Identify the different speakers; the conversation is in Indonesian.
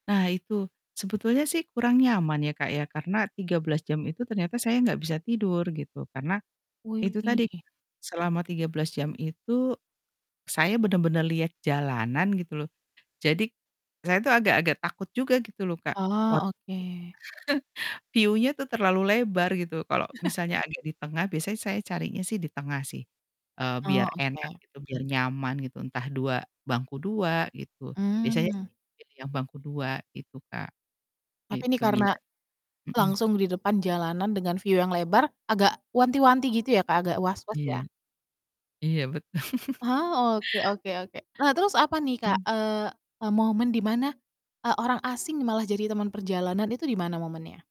Speaker 1: Nah itu. Sebetulnya sih kurang nyaman ya, Kak, ya karena 13 jam itu ternyata saya enggak bisa tidur gitu karena itu tadi
Speaker 2: Wih.
Speaker 1: selama 13 jam itu saya bener-bener lihat jalanan gitu loh. Jadi saya tuh agak-agak takut juga gitu loh, Kak,
Speaker 2: Ah,
Speaker 1: "Waduh ini
Speaker 2: oke.
Speaker 1: view-nya tuh terlalu lebar." Gitu. Kalau misalnya agak di tengah biasanya saya carinya sih, eee, di tengah sih
Speaker 2: Oh,
Speaker 1: biar enak
Speaker 2: oke.
Speaker 1: gitu, biar nyaman gitu, entah 2 bangku 2 gitu, biasanya sih
Speaker 2: Mmm.
Speaker 1: pilih yang bangku 2 gitu, Kak.
Speaker 2: Tapi ini
Speaker 1: Gitu
Speaker 2: karena
Speaker 1: biar mhm?
Speaker 2: langsung di depan jalanan dengan view yang lebar agak wanti-wanti gitu ya, Kak, agak was-was
Speaker 1: Iya.
Speaker 2: ya?
Speaker 1: Iya betul.
Speaker 2: Ah, oke oke oke. Nah terus apa nih, Kak,
Speaker 1: Mhm.
Speaker 2: eee eee, momen di mana, eee, orang asing nih malah jadi teman perjalanan, itu di mana momennya?